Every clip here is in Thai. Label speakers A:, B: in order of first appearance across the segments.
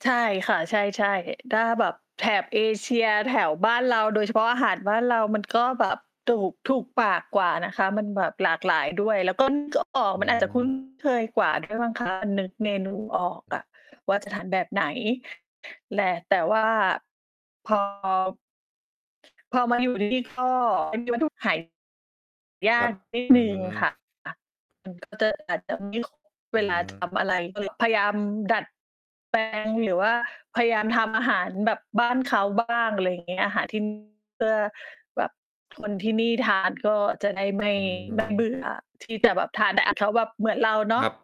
A: ใช่ค่ะ ใช่ ๆ ถ้าแบบแถบเอเชีย แถวบ้านเรา โดยเฉพาะอาหารบ้านเรา มัน ก็ แบบถูก ถูกปากกว่านะคะ มันแบบหลากหลายด้วย แล้วก็ นึก ออก
B: อื
A: มันอาจจะ คุ้น
B: ม
A: เคยกว่าด้วยมั้ง คะ มันนึกเมนูออก
B: อื
A: อ
B: อ
A: ะ ว่าจะทานแบบไหนแหละ แต่ว่า พอ พอมาอยู่นี่ก็มีวัตถุดิบหาย
B: คร
A: า
B: ั
A: ก
B: บ
A: นิด
B: อื
A: หนึ่งค
B: ม
A: ่ะ ค่ะ มันก็อาจจะไม่ค่อย เ
B: อ
A: ว
B: ื
A: ลาท
B: ม
A: ำอะไร ก็เลยพยายามดัดแปลง หรือว่าพยายามทำอาหารแบบบ้านเขาบ้าง อะไรอย่างเงี้ย อาหารที่นี่เพื่อแบบคนที่นี่ทานก็จะได้ไม่
B: อ
A: ไม่ เบ
B: ืม
A: ื่อที่จะแบบทานแต่อะเขาแบบเหมือนเราเนา
B: ค
A: ะ
B: รับ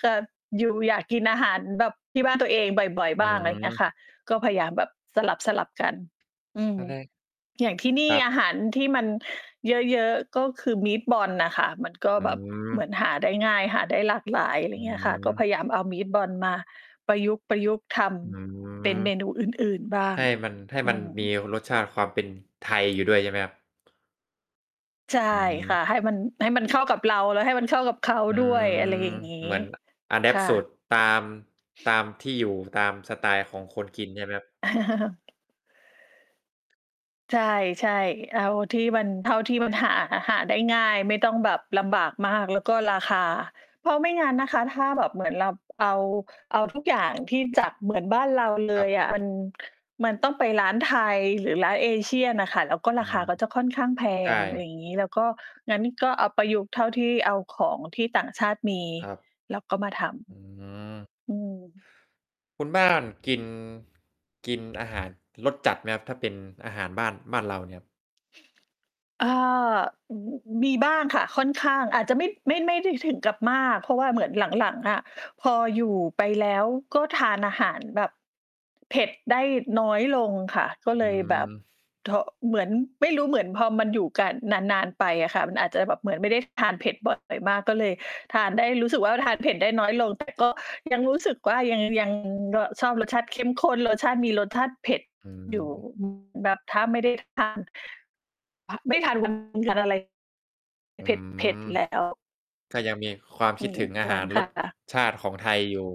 A: คือ อยู่ อยากกินอาหารแบบที่บ้านตัวเองบ่อย
B: อื
A: ๆ บ้าง อะไรอย่างเงี้ย
B: ม
A: ค่ะ ก็พยายามแบบสลับ ๆ กัน อืม
B: ตอนแรก
A: อย่างที่น
B: ค
A: ี่
B: รั
A: อ
B: บ
A: าหารที่มัน เยอะ ๆ ก็คือ Meatballs น่ะค่ะ มันก็
B: อื
A: แบบเหมือ
B: ม
A: นหาได้ง่าย หาได้หลากหลาย อะไรอ
B: อ
A: ย
B: ื
A: ่างเงี้ยค่ะ ก็
B: ม
A: พยายามเอา Meatballs มาประยุกต์ ประยุกต์ท
B: อ
A: ำเป็น
B: ืม
A: เมนูอื่น ๆ บ้า
B: ใ
A: ง
B: ห้มัน ให้
A: อ
B: มั
A: ื
B: น
A: ม
B: มีรสชาติความเป็นไทย อยู่ ด้วย ใช่ไหมครับ
A: ใช่
B: อื
A: ค่
B: ม
A: ะ ให้มัน ให้มันเข้ากับเรา แล้วให้มันเข้ากับเขา
B: อื
A: ด้ว
B: ม
A: ย อะไรอย่างงี้
B: เหมือน อะแด
A: ค
B: ปต
A: ่
B: ์ สูต
A: ะ
B: รตาม ตามที่อยู่ตามสไตล์ของคนกิน ใช่ไหมครับ?
A: ใช่ ๆ เอาที่มัน เท่าที่มันหา หาได้ง่าย ไม่ต้องแบบลำบากมาก แล้วก็ราคา เพราะไม่งั้นนะคะ ถ้าแบบเหมือนเราเอา เอา ทุกอย่าง ที่จะเหมือนบ้านเรา เล
B: ครั
A: ย
B: บ
A: อะ มัน มันต้องไปร้านไทย หรือร้าน Asian น่ะค่ะ แล้วก็
B: อ
A: ร
B: ื
A: าค
B: ม
A: าก็จะค่อนข้างแพ
B: ใช่
A: ง อ
B: ค
A: ะไ
B: รั
A: ร
B: บ
A: อย่างงี้ แล้วก็ งั้นก็เอาประยุกต์เท่าที่ เอาของที่ต่างชาติมี
B: ครับ
A: แล้วก็มาท
B: อืม
A: ำ อืม
B: คุณ บ้าน กิน กิน อาหาร รสจัดไหมครับ? ถ้าเป็นอาหารบ้าน บ้านเราเนี่ยครับ
A: อ่า อ อ มีบ้างค่ะค่อนข้าง อาจจะไม่ ไม่ ไม่ได้ถึงกับมาก เพราะว่าเหมือนหลัง ๆ อะพออยู่ ไปแล้ว ก็ทานอาหารแบบเผ็ด ได้น้อยลงค่ะ ก็เ
B: อ
A: ล
B: ื
A: ยแบบ
B: ม
A: ท เหมือนไม่รู้ เหมือนพอมันอยู่กันนาน ๆ ไปอะค่ะ มันอาจจะแบบเหมือนไม่ได้ทานเผ็ดบ่อยมาก ก็เลยทานได้ รู้สึกว่า ทานเผ็ดได้น้อยลง แต่ก็ยังรู้สึกว่า ยัง ยัง ร ชอบรสชาติเข้มข้น รสชาติ มีรสชาติเผ็ด
B: อื
A: อยู่
B: ม
A: อืม แบบถ้าไม่ได้ทาน ไม่ทานมันขาดอะไร
B: อื
A: เ
B: ม
A: ผ็ด ๆ แล้ว
B: ก็ยังมีความ
A: อ
B: ค
A: ื
B: ิดถึง
A: ม
B: อาหารรสชาติของไทยอยู่